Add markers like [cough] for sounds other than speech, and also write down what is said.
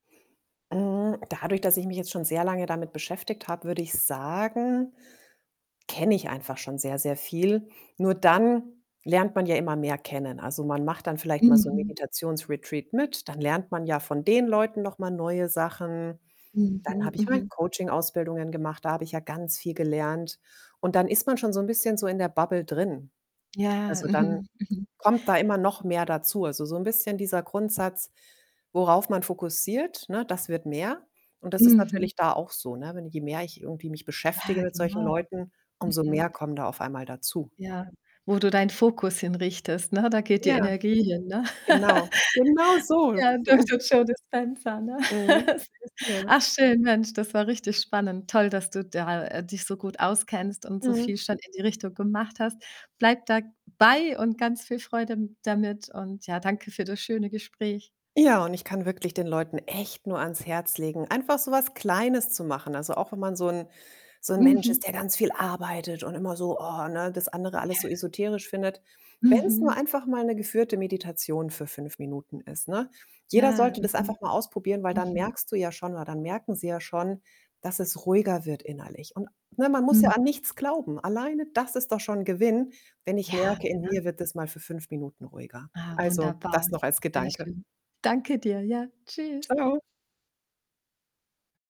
Hm, dadurch, dass ich mich jetzt schon sehr lange damit beschäftigt habe, würde ich sagen, kenne ich einfach schon sehr, sehr viel. Nur dann lernt man ja immer mehr kennen. Also, man macht dann vielleicht mal so ’n Mhm. Meditations-Retreat mit, dann lernt man ja von den Leuten noch mal neue Sachen, dann Mhm, habe ich mal mhm. Coaching-Ausbildungen gemacht, da habe ich ja ganz viel gelernt. Und dann ist man schon so ’n bisschen so in der Bubble drin. Ja, Also, dann mhm, mhm. kommt da immer noch mehr dazu. Also, so ’n bisschen dieser Grundsatz, worauf man fokussiert, ne, das wird mehr. Und das ist Mhm. natürlich da auch so, ne? Wenn je mehr ich irgendwie mich Ja, beschäftige mit solchen genau. Leuten, umso mehr Mhm. kommen da auf einmal dazu. Ja, wo du deinen Fokus hin richtest, ne? Da geht die Ja, Energie hin, ne? genau. Genau [laughs] so. Ja, [chuckles] Dr. Joe Dispenza, ne? Mhm, [laughs] ja. Ach schön, Mensch, das war richtig spannend. Toll, dass du da dich so gut auskennst und so viel Mhm. schon in die Richtung gemacht hast. Bleib dabei und ganz viel Freude m damit und ja, danke für das schöne Gespräch. Ja, und ich kann wirklich den Leuten echt nur ans Herz legen, einfach so was Kleines zu machen. Also, auch wenn man so ’n so ’n Mensch Mhm. ist, der ganz viel arbeitet und immer so: „Oh”, ne, das andere alles Ja. so esoterisch findet. Wenn’s nur Mhm. einfach mal ’ne geführte Meditation für 5 Minuten ist, ne? Jeder Ja, sollte das mhm. einfach mal ausprobieren, weil dann Mhm. merkst du ja schon oder dann merken sie ja schon, dass es ruhiger wird innerlich. Und ne, man muss ja Hm. an nichts glauben. Alleine das ist doch schon Gewinn, wenn ich Ja, merke, in genau. mir wird das mal für 5 Minuten ruhiger. Ah, Also, wunderbar. das noch als Sehr Gedanke. schön. Danke dir, ja. Tschüs. Tschau.